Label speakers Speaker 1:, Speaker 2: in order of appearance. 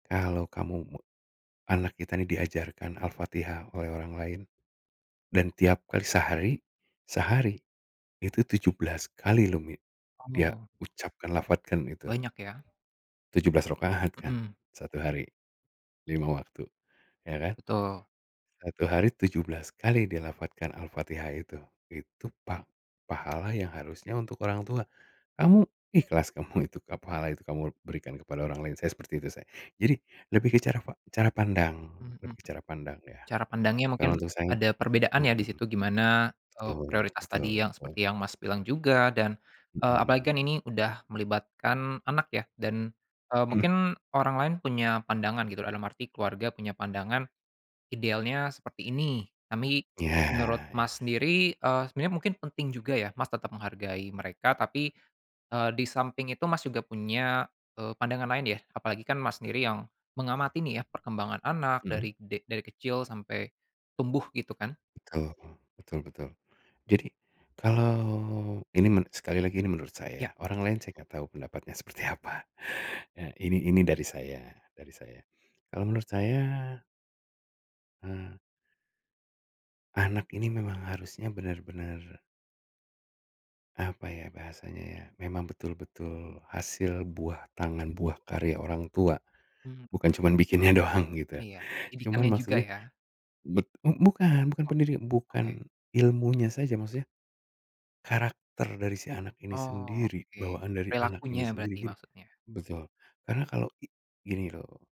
Speaker 1: Kalau kamu me anak kita ini diajarkan Al-Fatihah oleh orang lain, dan tiap kali sehari sehari, itu 17x loh mi dia
Speaker 2: Oh.
Speaker 1: ucapkan lafazkan itu.
Speaker 2: Banyak ya.
Speaker 1: 17 rakaat kan
Speaker 2: Mhm.
Speaker 1: 1 hari, 5 waktu ya kan?
Speaker 2: Betul.
Speaker 1: 1 hari 17x dilafazkan Al-Fatihah itu itu pah pahala yang harusnya untuk orang tua, kamu ikhlas kamu itu ke pahala itu kamu berikan kepada orang lain saya seperti itu saya jadi lebih ke cara pa cara pandang
Speaker 2: Mmm, mhm,
Speaker 1: lebih ke cara pandang ya,
Speaker 2: cara pandangnya
Speaker 1: kalau
Speaker 2: mungkin
Speaker 1: untuk saya,
Speaker 2: ada perbedaan ya di
Speaker 1: mhm.
Speaker 2: situ gimana, eee,
Speaker 1: Tul
Speaker 2: prioritas
Speaker 1: betul
Speaker 2: tadi yang
Speaker 1: betul.
Speaker 2: seperti yang Mas bilang juga dan, eee, apalagi kan
Speaker 1: Mhm.
Speaker 2: ini udah melibatkan anak ya dan, eee,
Speaker 1: Mmm.
Speaker 2: mungkin orang lain punya pandangan gitu dalam arti keluarga punya pandangan, idealnya seperti ini tapi,
Speaker 1: Iya
Speaker 2: menurut
Speaker 1: iya.
Speaker 2: Mas sendiri, eee, sebenarnya mungkin penting juga ya Mas tetap menghargai mereka tapi, eee, di samping itu Mas juga punya, eee, pandangan lain ya apalagi kan Mas sendiri yang mengamati nih ya perkembangan anak
Speaker 1: Mmm?
Speaker 2: dari de dari kecil sampai, tumbuh gitu kan?
Speaker 1: Betul betul betul, jadi kalau ini men sekali lagi ini menurut
Speaker 2: Ya.
Speaker 1: saya orang lain saya enggak tahu pendapatnya seperti apa ini ini dari saya dari saya, kalau menurut saya Eee. Anak ini memang harusnya benar-benar apa ya bahasanya ya memang betul-betul hasil buah tangan buah karya orang tua,
Speaker 2: Mmm.
Speaker 1: bukan cuma bikinnya doang gitu
Speaker 2: Iya
Speaker 1: cuman
Speaker 2: didikannya juga
Speaker 1: maksudnya,
Speaker 2: ya.
Speaker 1: bet bukan bukan
Speaker 2: Oh,
Speaker 1: pendiri bukan
Speaker 2: oke.
Speaker 1: ilmunya saja maksudnya, karakter dari si anak ini
Speaker 2: Oh
Speaker 1: sendiri
Speaker 2: oke,
Speaker 1: bawaan dari anak ini
Speaker 2: perilakunya
Speaker 1: sendiri
Speaker 2: berarti
Speaker 1: gini,
Speaker 2: maksudnya.
Speaker 1: betul karena kalau i gini loh.